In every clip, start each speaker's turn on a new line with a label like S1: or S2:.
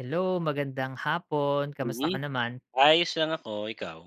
S1: Hello magandang hapon, kamusta ka
S2: Mm,
S1: naman?
S2: ayos lang ako. Ikaw?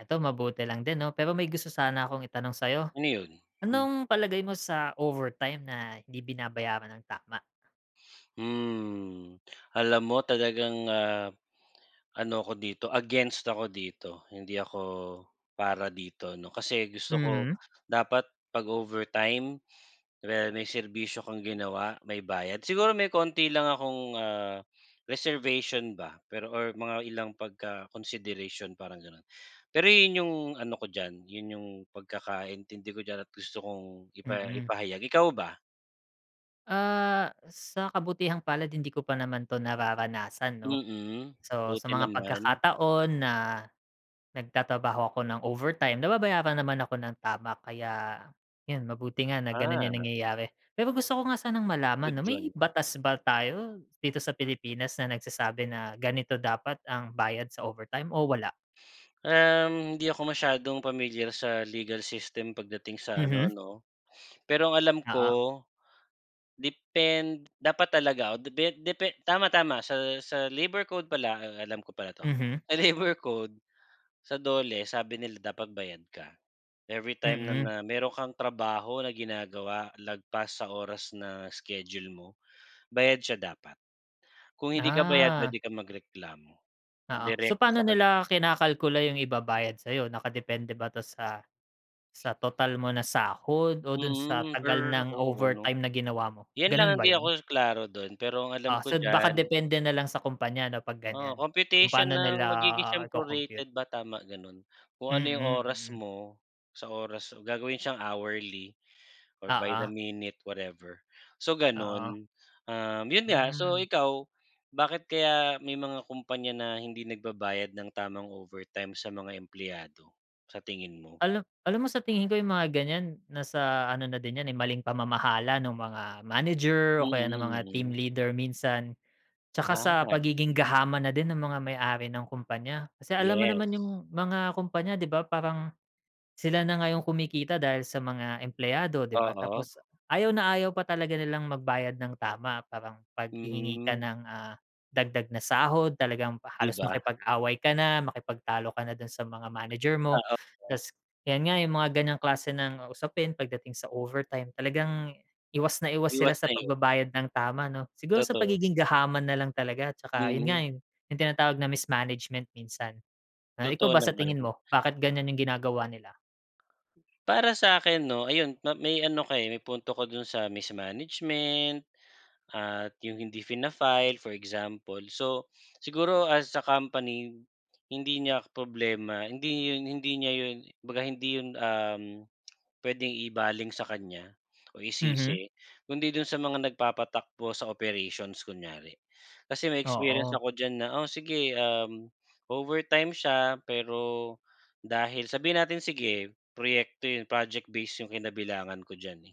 S1: Eto, mabuti lang din 'no, pero may gusto sana akong itanong sa'yo.
S2: Ano 'yon? Hmm.
S1: Anong palagay mo sa overtime na hindi binabayaran ng tama?
S2: Hmm, alam mo talagang, ah, ano ko dito, against ako dito. Hindi ako para dito 'no, kasi gusto ko
S1: Mhm.
S2: dapat pag-overtime kunwari may serbisyo kang ginawa may bayad. Siguro may konti lang akong, ah, reservation ba pero or mga ilang pagka-consideration parang ganon. Pero yun yung ano ko diyan, yun yung pagkakaintindi ko diyan at gusto kong ipa
S1: Mm.
S2: ipahayag. Ikaw ba?
S1: Ah, sa kabutihang palad hindi ko pa naman 'to nararanasan 'no.
S2: Mm,
S1: So sa
S2: buti
S1: mga
S2: naman.
S1: pagkakataon na nagtatrabaho ako ng overtime nababayaran naman ako ng tama kaya yun mabuti nga na ganun yung
S2: Ah.
S1: nangyayari. Pero gusto ko nga sanang malaman
S2: Good
S1: 'no may
S2: 'yun.
S1: batas ba tayo dito sa Pilipinas na nagsasabi na ganito dapat ang bayad sa overtime o wala?
S2: Um, hindi ako masyadong pamilyar sa legal system pagdating sa ano
S1: Mhm.
S2: 'no. Pero ang alam
S1: Oo.
S2: ko depend dapat talaga o depe depe tama-tama sa sa labor code pala, ah, alam ko pala 'to.
S1: Mhm.
S2: Sa labor code, sa DOLE, sabi nila dapat bayad ka. Every time na
S1: Mm.
S2: na meron kang trabaho na ginagawa lagpas sa oras na schedule mo, bayad siya dapat. Kung hindi ka bayad
S1: Ah.
S2: puwede kang magreklamo
S1: Oo, so
S2: direct
S1: paano
S2: sa kani
S1: nila kinakalkula yung ibabayad sayo, nakadepende ba 'to sa sa total mo na sahod o dun sa
S2: Mm,
S1: tagal
S2: per
S1: ng
S2: oo 'no.
S1: overtime na ginawa mo?
S2: Yan lang
S1: Ganun
S2: ang
S1: ba
S2: di
S1: yun?
S2: ako klaro dun, pero ang
S1: Ah,
S2: alam
S1: so
S2: ko
S1: baka
S2: diyan.
S1: depende nalang sa kumpanya 'no, pag
S2: Ah,
S1: ganyan, kung
S2: computation
S1: paano nila,
S2: ng magigi
S1: ah,
S2: siyang
S1: ico-compute.
S2: prorated ba, tama ganun. Kung ano yung
S1: Mm,
S2: oras
S1: mm.
S2: mo sa oras so gagawin siyang hourly or by the
S1: Oo.
S2: minute, whatever. So
S1: Oo.
S2: ganun, um, yun nga, so
S1: Hmm.
S2: ikaw, bakit kaya may mga kumpanya na hindi nagbabayad ng tamang overtime sa mga empleyado, sa tingin mo?
S1: Alam alam mo sa tingin ko yung mga ganyan nasa ano na din 'yan, eh, maling pamamahala ng mga manager o kaya ng mga team
S2: Mm, mm.
S1: leader minsan. Tsaka sa
S2: Gahaman.
S1: pagiging gahaman na din ng mga may-ari ng kumpanya. Kasi alam mo
S2: Yes.
S1: naman yung mga kumpanya, di ba? Parang sila na nga yung kumikita dahil sa mga empleyado, di ba?
S2: Oo.
S1: Tapos ayaw na ayaw pa talaga nilang magbayad ng tama parang paghihingi ka
S2: Hmm.
S1: ng, ah, dagdag na sahod talagang
S2: Di
S1: halos
S2: ba?
S1: makipag-away ka na, makipagtalo ka na dun sa mga manager mo.
S2: Ah, okey.
S1: Tapos 'yan nga yung mga ganyang klase ng usapin pagdating sa overtime talagang iwas na iwas sila
S2: Iwas
S1: sa
S2: na iwas.
S1: pagbabayad ng tama 'no. Siguro sa
S2: Totoo.
S1: pagiging gahaman nalang talaga tsaka yun nga,
S2: Mm.
S1: eh, yung tinatawag na mismanagement minsan. Eh, ikaw
S2: Totoo
S1: ba sa
S2: naman.
S1: tingin mo bakit ganyan yung ginagawa nila?
S2: Para sa akin 'no, ayun ma may ano ka may punto ka dun, sa mismanagement at yung hindi fina-file for example. So siguro as a company hindi niya problema, hindi yun hindi niya 'yon, 'baga hindi 'yon uhm, puwedeng ibaling sa kanya o
S1: Mhm.
S2: isisi kundi dun sa mga nagpapatakbo sa operations kunyari. Kasi may experience
S1: Oo.
S2: ako diyan na o sige, uhm, overtime siya pero dahil sabihin natin, sige proyekto yun project base 'yung kinabilangan ko diyan, eh,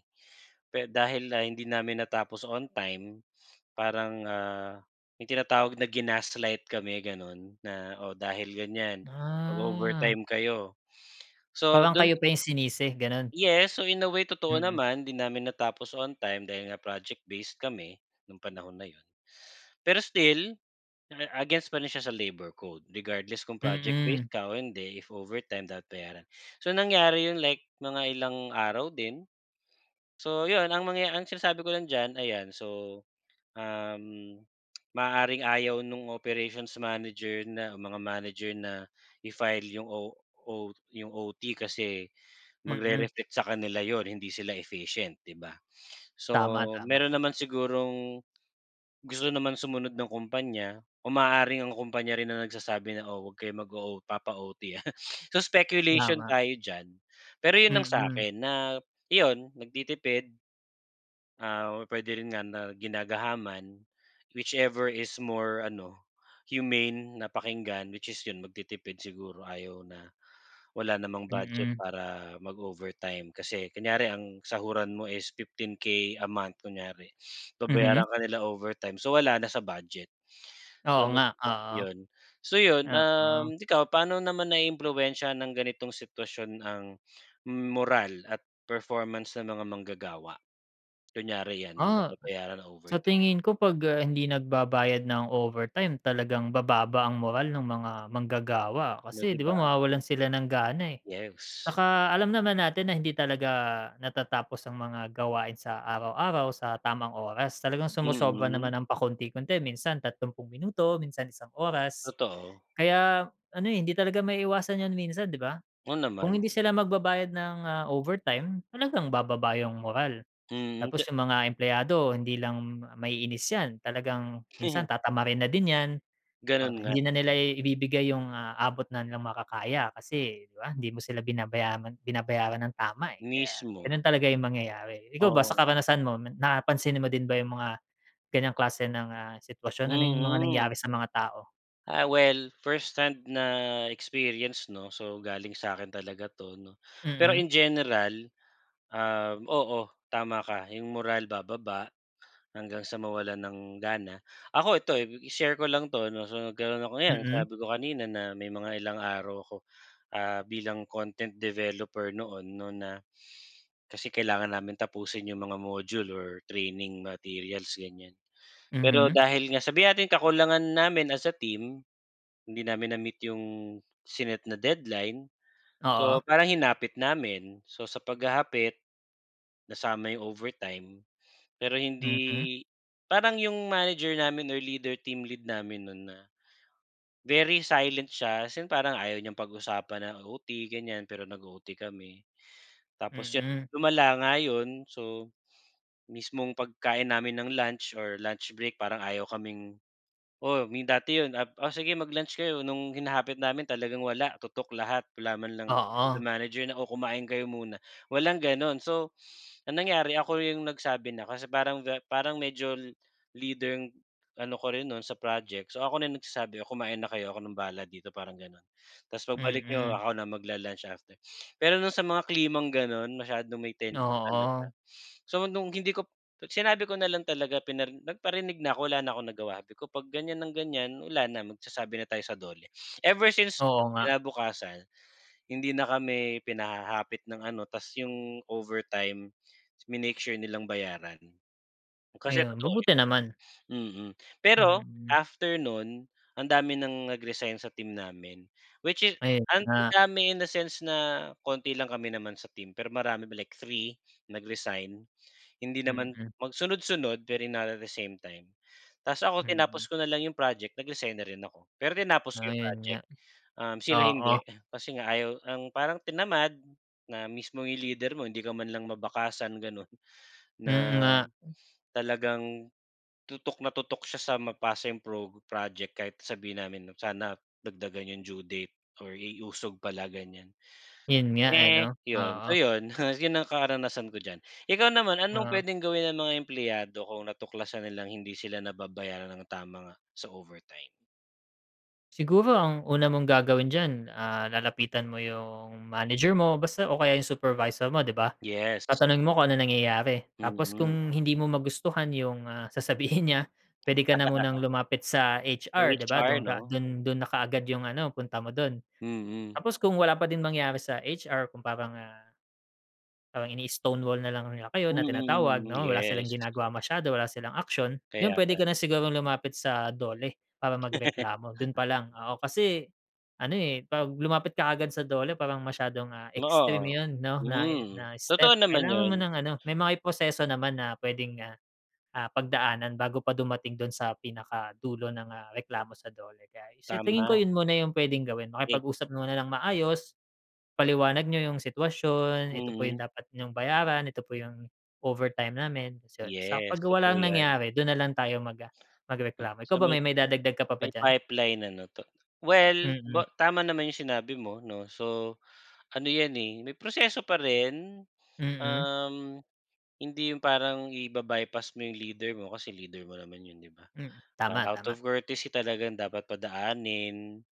S2: pero dahil, ah, hindi namin natapos on time, parang ah, may tinatawag na ginaslight kami gano'n, na, "O, dahil ganyan
S1: Ah.
S2: mag-overtime kayo," so
S1: Parang
S2: don
S1: kayo pa yung sinisi ganun?
S2: Yes, so in a way, totoo
S1: Mm.
S2: naman, 'di namin natapos on time dahil nga project-based kami nung panahon na yun. Pero still against pa rin siya sa labor code regardless kung project-based
S1: Mm.
S2: ka o hindi if overtime dapat bayaran. So nangyari yun, like mga ilang araw din. So 'yun ang mangyaya ang sinasabi ko lang diyan ayan so, uhm, maaaring ayaw no'ng operations manager na mga manager na i-file 'yung o o yung OT kasi
S1: Mm.
S2: magre-reflect sa kanila 'yun hindi sila efficient, 'di ba? So
S1: Tama, tama.
S2: meron naman sigurong gusto naman sumunod ng kumpanya o maaaring ang kumpanya rin ang nagsasabi na, oh, huwag kayo mag o o papa-OT ha. So speculation
S1: Tama.
S2: tayo diyan, pero yun ang sa
S1: Mm.
S2: akin na iyon nagtitipid. Ah, puwede rin nga na ginagahaman, whichever is more ano humane na pakinggan, which is yun nagtitipid siguro ayaw na wala namang budget
S1: Mm.
S2: para mag-overtime. Kasi kunyari ang sahuran mo is 15K a month kunyari
S1: Mhm.
S2: babayaran ka nila overtime so wala na sa budget. So
S1: Oo nga, oo.
S2: [unintelligible] so yun,
S1: Oo.
S2: uhm, ikaw paano naman naiimpluwensiyahan ng ganitong sitwasyon ang moral at performance ng mga manggagawa? Kunyari 'yan, hindi
S1: Ah. S
S2: nababayaran ang
S1: sa
S2: overtime.
S1: tingin ko pag, ah, hindi nagbabayad ng overtime talagang bababa ang moral ng mga manggagawa.
S2: 'No,
S1: Kasi
S2: 'di
S1: di ba
S2: ba?
S1: mawawalan sila ng gana, eh.
S2: Yes.
S1: 'Tsaka alam naman natin na hindi talaga natatapos ang mga gawain sa araw-araw sa tamang oras, talagang sumosobra
S2: Mm.
S1: naman ng pakonti-konti minsan, 30 minuto, minsan isang oras.
S2: Totoo.
S1: Kaya ano, eh, hindi talaga maiiwasan yun minsan di ba?
S2: Oo,
S1: Kung
S2: naman.
S1: hindi sila magbabayad ng, ah, overtime talagang bababa yung moral.
S2: Mm, te
S1: Tapos yung mga empleyado hindi lang maiinis yan, talagang minsan
S2: Mhm.
S1: tatamarin na din yan, para
S2: Ganun
S1: hindi
S2: nga.
S1: na nila i ibibigay yung, ah, abot na nilang makakaya. Kasi di ba, hindi mo sila binabayaran binabayaran ng tama, eh. Kaya
S2: Mismo.
S1: ganun talaga yung mangyayari. Ikaw ba sa
S2: Oo.
S1: karanasan mo, napansin mo din ba yung mga ganyang klase ng, ah, sitwasyon? Ano yung mga
S2: Mm.
S1: nangyari sa mga tao?
S2: Ah, well, firsthand na experience, 'no, so galing sa'kin talaga 'to, 'no. Pero,
S1: Mm.
S2: in general, um, oo, tama ka 'yong moral bababa hanggang sa mawalan ng gana. Ako ito, eh, ib i-share ko lang 'to, 'no, so nagkaroon ako, ngayon
S1: Mm.
S2: sabi ko kanina na may mga ilang araw ako, ah, bilang content developer noon, 'no, na kasi kailangan namin tapusin 'yong mga module or training materials, ganyan. Pero
S1: Mhm.
S2: dahil nga, sabihin natin kakulangan namin as a team, hindi namin na-meet 'yong sinet na deadline,
S1: Oo.
S2: so parang hinapit namin. So, sa paghahapit, nasama 'yong overtime, pero
S1: Mm.
S2: hindi, parang 'yong manager namin or leader, team lead namin no'n na, very silent siya, as in parang ayaw niyang pag-usapan ang OT, ganyan, pero nag-o-OT kami. Tapos 'yon,
S1: Mm.
S2: lumala nga 'yon, so, mismong pagkain namin ng lunch or lunch break parang ayaw kaming oo, may dati 'yon ap "O, sige mag-lunch kayo," no'ng hinahapit namin talagang wala tutok lahat, wala man lang [unintelligible]
S1: Oo.
S2: manager na kumain kayo muna, walang gano'n. So, ang nangyari ako 'yong nagsabi na, kasi parang ga parang medyo li leader ano ko rin no'n sa project, so ako na 'yong nagsasabi, "O, kumain na kayo, ako ng bahala dito," parang gano'n, "'Tas, pagbalik niyo
S1: Mm.
S2: ako na magla-lunch, after." Pero no'ng sa mga klimang gano'n masyadong may tension talaga.
S1: Oo.
S2: So, no'ng hindi ko p at sinabi ko na lang talaga pinari nagparinig na 'ko, wala na akong nagawa, sabi ko, "Pag ganyan ng ganyan, wala na magsasabi na tayo sa DOLE." Ever since
S1: Oo nga.
S2: kinabukasan, hindi na kami pinahahapit ng ano, 'tas 'yong overtime, minake sure nilang bayaran. Kasi
S1: Ayun.
S2: totoo,
S1: Mabuti naman.
S2: eh, mhm. Pero,
S1: Mm.
S2: after no'n, ang dami ng nag-resign sa team namin, which is,
S1: Ayun
S2: ang
S1: nga.
S2: dami in a sense na konti lang kami naman sa team, pero marami ma like 3 nag-resign, hindi naman
S1: Mm.
S2: magsunod-sunod pero not at the same time. 'Tas ako, tinapos
S1: Mm.
S2: ko na lang 'yong project, nag-resign na rin ako, pero tinapos ko
S1: Ah,
S2: 'yong
S1: 'yon nga.
S2: project. Um, sila hindi,
S1: Oo.
S2: kasi nga ayaw ang parang tinamad na mismong 'yong leader mo hindi ka man lang mabakasan gano'n. Na
S1: Mm, nga.
S2: talagang tutok na tutok siya sa mapasa 'yong prog project kahit na sabihin namin, 'no, sana dagdagan 'yong due date or i-usog pala, ganyan.
S1: 'Yon nga, eh,
S2: Eh,
S1: 'no?
S2: 'yon,
S1: Oo.
S2: so 'yon, 'yon ang karanasan ko diyan. Ikaw naman, anong
S1: Oo.
S2: puwedeng gawin ng mga empleyado kung natuklasan nilang hindi sila nababayaran ng tama nga, sa overtime?
S1: Siguro ang una mong gagawin diyan, ah, lalapitan mo yung manager mo basta o kaya yung supervisor mo, ‘di ba?
S2: Yes.
S1: Tatanungin mo kung anong nangyayari. Tapos
S2: Mm.
S1: kung hindi mo magustuhan yung, ah, sasabihin niya, puwede ka na munang lumapit sa HR, ‘di ba?
S2: HR
S1: Dun ka,
S2: ‘no,
S1: dun
S2: o.
S1: dun na kaagad yung ano, punta mo dun.
S2: Mm.
S1: Tapos kung wala pa din mangyari sa HR, kung parang, ah, parang ini-stone wall na lang nila kayo na tinatawag
S2: Mm,
S1: ‘no, wala silang
S2: yes.
S1: ginagawa masyado, wala silang aksiyon, yun
S2: Kaya
S1: puwede
S2: nga.
S1: ka na sigurong lumapit sa DOLE para magreklamo, dun pa lang, oo. Kasi ano, eh, ‘pag lumapit ka kaagad sa DOLE, parang masyadong, ah,
S2: Oo
S1: extreme
S2: o.
S1: yun ‘no, na i
S2: Hmm.
S1: na step.
S2: Totoo naman
S1: Kailangan mo
S2: yun.
S1: ng ano, may mga i proseso naman na puwedeng, ah, ah, pagdaanan bago pa dumating dun sa pinaka dulo ng, ah, reklamo sa DOLE. Kaya sa tingin ko,
S2: Tama.
S1: yun muna yung puwedeng gawin,
S2: Ey.
S1: makipag-usap muna ng maayos, ipaliwanag niyo yung sitwasyon, ito po yung
S2: Mm.
S1: dapat niyong bayaran, ito po yung overtime namin, se saka
S2: Yes,
S1: ‘pag
S2: totoo
S1: walang
S2: 'yan.
S1: nangyari, dun na lang tayo mag ah, magreklamo. Ikaw
S2: Sa
S1: ba
S2: may
S1: may maidadagdag ka pa ba
S2: may
S1: diyan?
S2: pipeline, ano ‘to. Well,
S1: Mm.
S2: ba tama naman yung sinabi mo ‘no. So, ano 'yan, eh, may proseso pa rin,
S1: Mm.
S2: um, hindi yung parang iba-bypass mo yung leader mo kasi leader mo naman yun, ‘di ba?
S1: Hmm, tama,
S2: Ah, out
S1: tama.
S2: of courtesy, talagang dapat padaanin.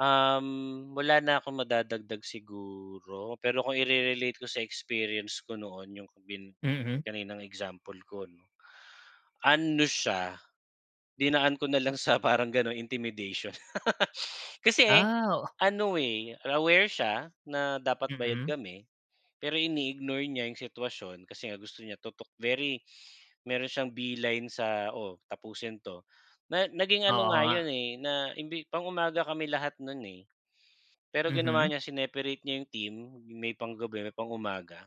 S2: Um, wala na akong madadagdag siguro, pero kung ire-relate ko sa experience ko noon, yung bin
S1: Mhm.
S2: kaninang example ko ‘no, ano siya, dinaan ko na lang sa parang gano’n, intimidation. Kasi
S1: Ah, oo.
S2: ano, eh, aware siya na dapat bayad
S1: Mm.
S2: kami, pero ini-ignore niya yung sitwasyon kasi nga gusto niya tutok. Very meron siyang beeline sa oo, tapusin ’to, na naging ano
S1: Oo
S2: nga
S1: nga.
S2: yun, eh, na imbi pang-umaga kami lahat no’n, eh. Pero ginawa
S1: Mhm.
S2: niya, sineparate niya yung team, may pang gabi, may pang-umaga.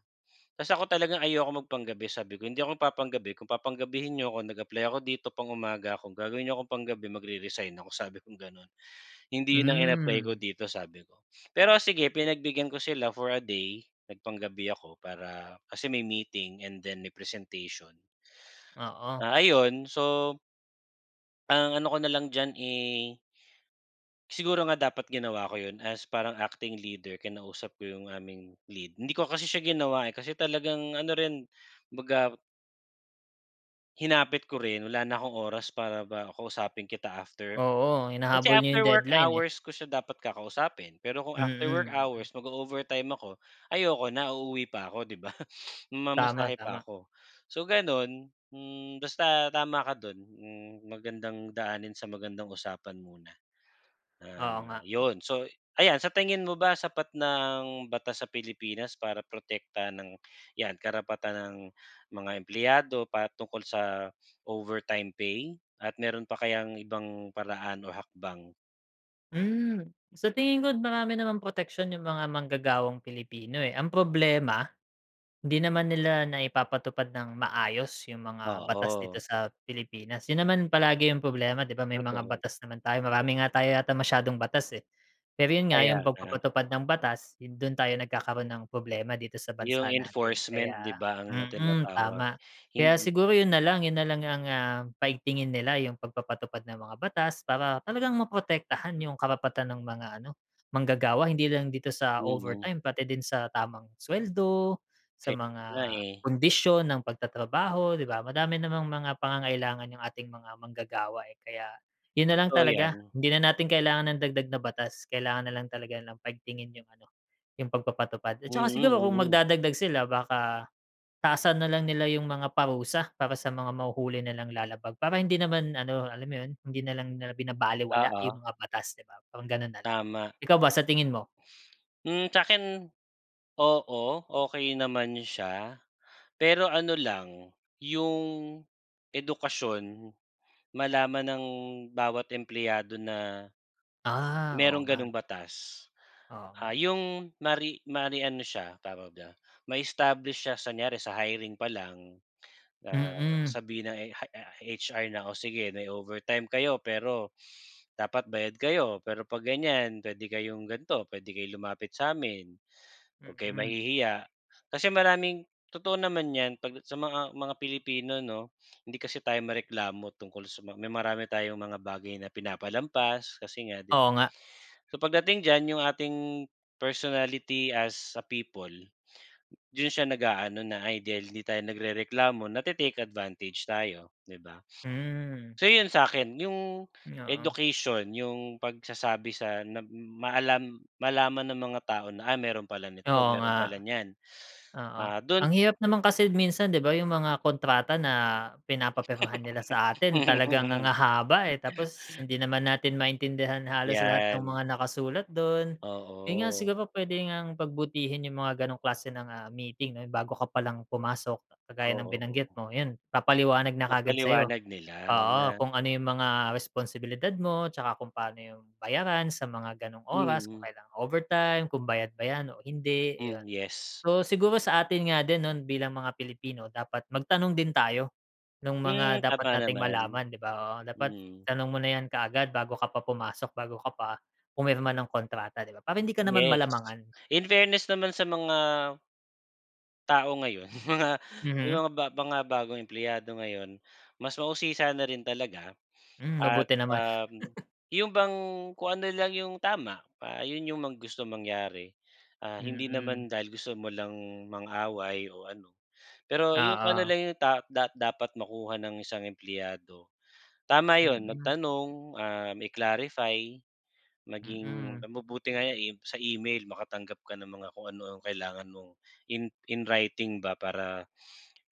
S2: Ta's ako talaga ayokong mag pang-gabi. Sabi ko, hindi ako nagpapang-gabi. Kung papang-gabihin niyo 'ko, nag-apply ako dito pang-umaga ako, kung gagawin niyo ako pang-gabi, magre-resign ako, sabi kong gano’n. Hindi yun ang in-apply ko
S1: Hmm.
S2: dito, sabi ko. Pero sige pinagbigyan ko sila for a day, nagpang-gabi ako para kasi may meeting and then may presentation.
S1: Oo.
S2: Ah, ayun, so Ang ano ko na lang diyan ay siguro nga dapat ginawa ko 'yon as parang acting leader, kinausap ko yung aming lead, hindi ko kasi siya ginawa, eh, kasi talagang ano rin, 'baga hinapit ko rin, wala na akong oras para ba kausapin kita after.
S1: Oo,
S2: Kasi
S1: hinahabol niyo
S2: after
S1: yung
S2: work
S1: deadline, eh.
S2: hours ko siya dapat kakausapin pero kung after work
S1: Mm.
S2: hours, mag-o-overtime ako, ayoko na. Uuwi pa ako, 'di ba?
S1: Tama,
S2: Mamasahe
S1: tama.
S2: pa ako. So, ganon. Hmm, basta tama ka do'n. Hmm, magandang daanin sa magandang usapan muna, and
S1: Oo nga.
S2: ah, 'yon. So ayan, sa tingin mo ba sapat na ang batas sa Pilipinas para protektahan ang 'yan karapatan ng mga empleyado patungkol sa overtime pay at mayro'n pa kayang ibang paraan o hakbang?
S1: Hmm. Sa tingin ko, marami namang proteksyon yung mga manggagawang Pilipino, eh, ang problema, hindi naman nila naipapatupad ng maayos yung mga batas dito
S2: Oo.
S1: sa Pilipinas. 'Yon naman palagi yung problema, 'di ba? May mga
S2: Totoo.
S1: batas naman tayo, marami nga tayo yata masyadong batas, eh. Pero 'yon nga yung
S2: Kaya nga.
S1: pagpapatupad ng batas, 'yon do'n tayo nagkakaroon ng problema dito sa
S2: Yung
S1: bansa natin,
S2: enforcement, 'di
S1: kaya
S2: ba, ang na
S1: mm,
S2: tinatawag.
S1: tama, kaya
S2: mhm.
S1: siguro 'yon nalang, 'yon nalang ang, ah, paigtingin nila, yung pagpapatupad ng mga batas para talagang maprotektahan yung karapatan ng mga, ano, manggagawa hindi lang dito sa
S2: Mm.
S1: overtime pati din sa tamang suweldo, sa
S2: Kaya nga,
S1: mga
S2: eh.
S1: kondisyon ng pagtatrabaho, 'di ba? Madami namang mga pangangailangan yung ating mga manggagawa, eh, kaya 'yon nalang
S2: Totoo
S1: talaga.
S2: 'yan.
S1: Hindi na natin kailangan ng dagdag na batas, kailangan nalang talaga nilang paigtingin yung, ano, yung pagpapatupad at
S2: Mm,
S1: saka siguro, kung
S2: mm.
S1: magdadagdag sila, baka taasan nalang nila yung mga parusa para sa mga mahuhuli nilang lalabag para hindi naman, ano, alam mo 'yon, hindi nalang nila binabalewala
S2: Oo.
S1: yung mga batas, 'di ba, parang gano'n nalang.
S2: Tama.
S1: Ikaw ba, sa tingin mo?
S2: Hmm. Sa'kin oo, okey naman siya pero ano lang yung edukasyon malaman ng bawat empleyado na
S1: Ah, oo
S2: mayrong
S1: nga.
S2: ganong batas,
S1: Oo nga.
S2: ah, 'yong mari mari ano siya, tawag do'n, ma-establish siya sa kunyari sa hiring pa lang, ah,
S1: Mm.
S2: sabihin ng ey ah, HR na, "Oh, sige may overtime kayo pero dapat bayad kayo, pero 'pag ganyan puwede kayong gan'to, puwede kayong lumapit sa'min, 'wag kayong
S1: Mhm.
S2: mahihiya." Kasi maraming totoo naman 'yan 'pag sa mga mga Pilipino 'no, hindi kasi tayo mareklamo tungkol sa ma may marami tayong mga bagay na pinapalampas kasi nga, 'di ba?
S1: Oo nga.
S2: So, pagdating diyan yung ating personality as a people do'n siya nag-aano na, "Ay, dahil 'di tayo nagrereklamo, nate-take advantage tayo", 'di ba?
S1: Hmm.
S2: So 'yon sa'kin, yung
S1: Hmm, oo.
S2: education, yung pagsasabi sa na maalam malaman ng mga tao na, ah, mayro'n pala nito,
S1: Oo
S2: mayro'n
S1: nga,
S2: pala niyan.
S1: oo.
S2: Ah, do'n
S1: Ang hirap naman kasi minsan, 'di ba, yung mga kontrata na pinapapirmahan nila sa atin,
S2: Mm,
S1: talaga ang hahaba, eh, tapos
S2: mm.
S1: hindi naman natin maintindihan halos lahat ng
S2: 'Yan.
S1: mga nakasulat do'n. 'Yon nga
S2: Oo.
S1: siguro puwede ngang pagbutihin yung mga ganong klase ng, ah, meeting, 'no, yung bago ka palang pumasok, kagaya ng
S2: Oo.
S1: binanggit mo, 'yon papaliwanag na kaagad sa'yo.
S2: Mapaliwanag nila
S1: Oo,
S2: na
S1: kung ano yung mga responsibilidad mo' tsaka kung paano yung bayaran sa mga ganong oras, kung
S2: Mm.
S1: kailan overtime, kung bayad ba 'yan o hindi, ayon.
S2: Hmm, yes.
S1: Oo, siguro sa atin nga din, 'no, bilang mga Pilipino dapat magtanong din tayo nung mga
S2: Hmm,
S1: dapat
S2: tama
S1: nating
S2: naman.
S1: malaman, 'di ba? Oo, dapat
S2: Mm.
S1: tanong mo na yan kaagad bago ka pa pumasok, bago ka pa pumirma ng kontrata, 'di ba, para hindi ka naman
S2: Yes,
S1: malamangan.
S2: in fairness naman sa mga tao ngayon, mga may
S1: Mhm.
S2: mga ba mga bagong empleyado ngayon mas mausisa na rin talaga
S1: Hmm,
S2: at,
S1: mabuti naman.
S2: um, 'yon bang kung ano lang yung tama, ah, 'yon yung mga gustong mangyari, ah, hindi
S1: Mm.
S2: naman dahil gusto mo lang mang-away o ano, pero yung kung ano
S1: Oo.
S2: lang yung ta da dapat makuha ng isang empleyado. Tama 'yon,
S1: Mm.
S2: magtanong, ah, mai-clarify, maging
S1: Mm.
S2: mabu buti nga yan e sa email makatanggap ka ng mga kung ano ang kailangan mong in in writing ba para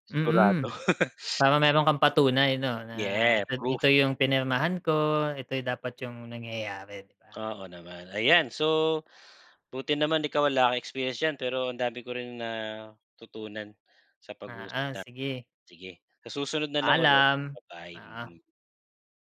S2: sigurado. Sigurado.
S1: Mhm, para mayro'n kang patunay 'no, na
S2: Yeah,
S1: ito
S2: proof.
S1: ito yung pinirmahan ko, ito yung dapat yung nangyayari, 'di ba?
S2: Oo naman. Ayan, so, buti naman ikaw wala kang experience diyan pero ang dami ko rin natutunan sa pag-uusap
S1: Oo,
S2: natin.
S1: sige.
S2: Sige, sa susunod na lang ulit.
S1: Paalam,
S2: Ba-bye.
S1: oo.
S2: Mm.